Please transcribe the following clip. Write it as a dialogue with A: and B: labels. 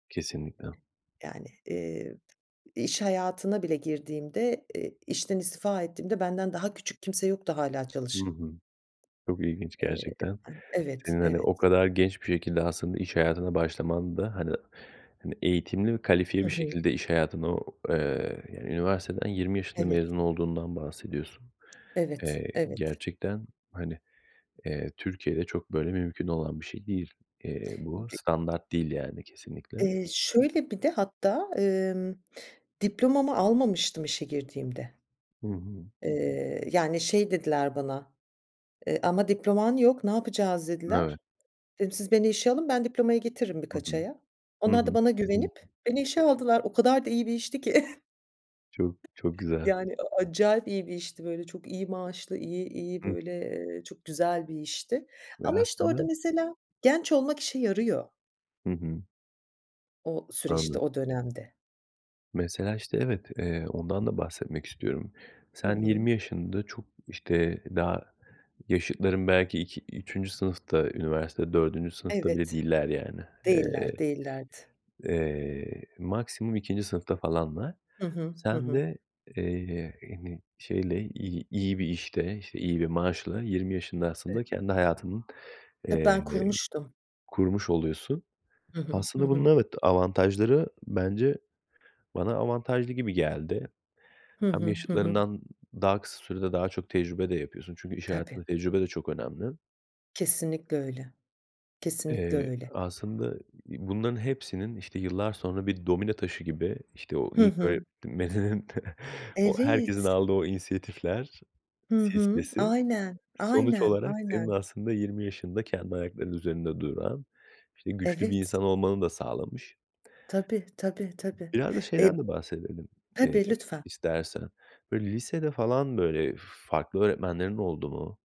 A: Kesinlikle.
B: Yani, eee, t iş hayatına bile girdiğimde, eee, işten istifa ettiğimde benden daha küçük kimse yoktu hâlâ
A: Hı
B: çalışan.
A: hı. Çok ilginç,
B: Eee,
A: gerçekten.
B: an Evet,
A: Senin, hani,
B: evet.
A: o kadar genç bir şekilde aslında iş hayatına başlaman da, hani hani, eğitimli ve kalifiye
B: Hı
A: bir
B: hı.
A: şekilde iş hayatına o, eee, yani, üniversiteden 20 yaşında
B: Evet.
A: mezun olduğundan bahsediyorsun.
B: Evet,
A: Eee,
B: evet.
A: gerçekten, hani, eee, Türkiye'de çok, böyle, mümkün olan bir şey değil, eee, bu.
B: D
A: Standart değil, yani, kesinlikle.
B: Eee, şöyle, bir de hatta, emm, diplomamı almamıştım işe girdiğimde.
A: Hı hı.
B: Eee, yani şey dediler bana, eee, "Ama diploman yok, ne yapacağız?" dediler.
A: Evet.
B: Dedim, "Siz beni işe alın, ben diplomayı getiririm
A: Hı hı.
B: birkaç aya."
A: Hı
B: Onlar da
A: hı.
B: bana
A: Hı hı.
B: güvenip beni işe aldılar. O kadar da iyi bir işti ki.
A: Çok, çok güzel.
B: Yani, a acayip iyi bir işti, böyle, çok iyi maaşlı, iyi iyi,
A: Hı.
B: böyle, eee, çok güzel bir işti.
A: Ve
B: Ama, işte,
A: aslında
B: orada mesela genç olmak işe yarıyor.
A: Hı hı.
B: O süreçte,
A: Anladım.
B: o dönemde.
A: Mesela, işte, evet. Eee, ondan da bahsetmek istiyorum.
B: Hı
A: Sen
B: hı.
A: 20 yaşında, çok, işte, daha yaşıtların belki ik 3. sınıfta, üniversite 4. sınıfta bile
B: Evet.
A: değiller, yani.
B: Değiller
A: Eee,
B: değillerdi.
A: eee, maksimum 2. sınıfta falanlar.
B: Hı hı. Hı
A: Sen
B: hı.
A: de, eee, hani, şeyle, iyi iyi bir işte, işte, iyi bir maaşla 20 yaşında aslında kendi hayatını,
B: He,
A: eee,
B: ben kurmuştum.
A: kurmuş oluyorsun.
B: Hı hı. Hı
A: Aslında
B: hı.
A: bunun evet, avantajları bence bana avantajlı gibi geldi.
B: Hı
A: Hem
B: hı. Hı hı.
A: yaşıtlarından daha kısa sürede daha çok tecrübe de yapıyorsun çünkü iş
B: Tabii.
A: hayatında tecrübe de çok önemli.
B: Kesinlikle öyle. Kesinlikle
A: Eee,
B: öyle.
A: aslında bunların hepsinin, işte, yıllar sonra bir domino taşı gibi, işte o
B: Hı
A: ilk
B: hı.
A: öğretmeninin, o herkesin
B: Evet.
A: aldığı o inisiyatifler
B: Hı hı.
A: silsilesi,
B: Aynen,
A: sonuç
B: aynen,
A: olarak senin
B: aynen.
A: aslında 20 yaşında kendi ayaklarının üzerinde duran, işte, güçlü bir
B: Evet.
A: insan olmanı da sağlamış.
B: Tabii, tabii, tabii.
A: Biraz da
B: E
A: şeyden de bahsedelim, eee,
B: tabii, lütfen.
A: istersen. Böyle, lisede falan, böyle, farklı öğretmenlerin oldu mu?